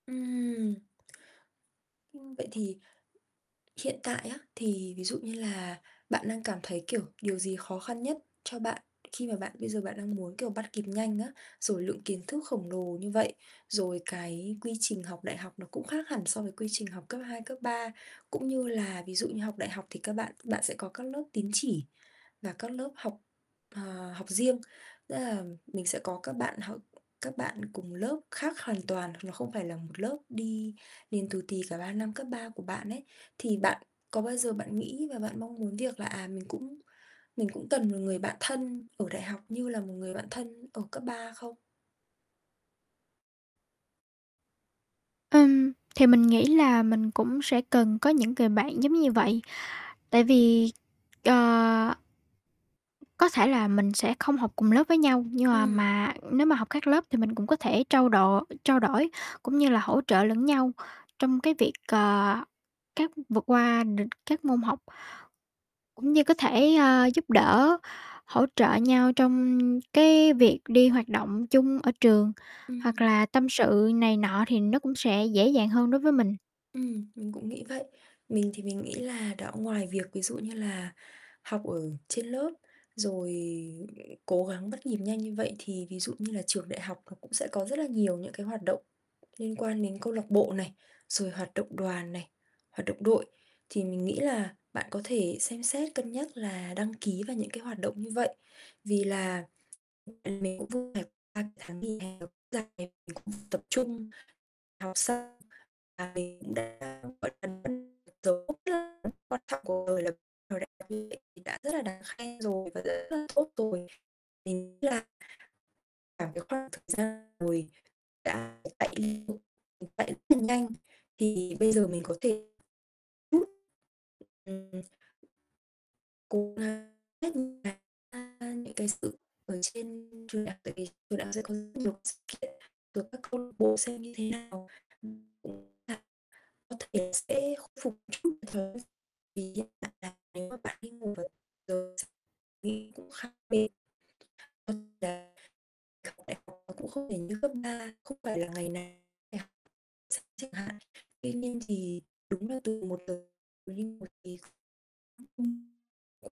Ừm. Ưm, vậy thì hiện tại á, thì ví dụ như là bạn đang cảm thấy, kiểu, điều gì khó khăn nhất cho bạn khi mà bạn bây giờ bạn đang muốn, kiểu, bắt kịp nhanh á, rồi lượng kiến thức khổng lồ như vậy, rồi cái quy trình học đại học nó cũng khác hẳn so với quy trình học cấp 2, cấp 3, cũng như là ví dụ như học đại học thì các bạn bạn sẽ có các lớp tín chỉ, và các lớp học, ờ, học riêng, tức là mình sẽ có các bạn h các bạn cùng lớp khác hoàn toàn hoặc là không phải là một lớp đi liền tù tì cả 3 năm cấp 3 của bạn ấy, thì bạn có bao giờ bạn nghĩ và bạn mong muốn việc là, à, mình cũng mình cũng cần một người bạn thân ở đại học như là một người bạn thân ở cấp 3 không? Ừm, thì mình nghĩ là mình cũng sẽ cần có những người bạn giống như vậy. Tại vì, ờ có thể là mình sẽ không học cùng lớp với nhau, nhưng mà Ừm. mà nếu mà học các lớp thì mình cũng có thể trao đổ trao đổi cũng như là hỗ trợ lẫn nhau trong cái việc, ờ, các vượt qua được các môn học. Cũng như có thể, a, giúp đỡ hỗ trợ nhau trong cái việc đi hoạt động chung ở trường hoặc Ừm. là tâm sự này nọ thì nó cũng sẽ dễ dàng hơn đối với mình. Ừm, mình cũng nghĩ vậy. Mình thì mình nghĩ là đã ngoài việc ví dụ như là học ở trên lớp rồi cố gắng bắt nhịp nhanh như vậy thì ví dụ như là trường đại học nó cũng sẽ có rất là nhiều những cái hoạt động liên quan đến câu lạc bộ này, rồi hoạt động đoàn này, hoạt động đội thì mình nghĩ là bạn có thể xem xét cân nhắc là đăng ký vào những cái hoạt động như vậy vì là, ưm, vì mình cũng vừa phải qua tháng nghỉ hè nó cũng dài, mình cũng phải tập trung, học xong là mình cũng đã, gọi là, hoàn thành dấu mốc rất là quan trọng cuộc đời là [unintelligible] đã rất là đáng khen rồi và rất là tốt rồi. MÌnh nghĩ là cả cái khoảng thời gian ngồi đã [unintelligible] chạy rất là nhanh thì bây giờ mình có thể chút, ừm, cố gắng hết những cái, a, những cái sự ở trên trường đại học tại vì trường đại học sẽ có rất nhiều cái sự kiện, rồi các câu lạc bộ xem như thế nào. [unintelligible] Có thể sẽ khôi phục chút [unintelligible] vì hiện tại là nếu mà bạn đi ngủ vào giờ [unintelligible] đi cũng khác bên [unintelligible] học đại học nó cũng không phải như cấp 3, không phải là ngày nào phải học [unintelligible] chẳng hạn. Tuy nhiên thì đúng là từ 1 giờ mà đi ngủ thì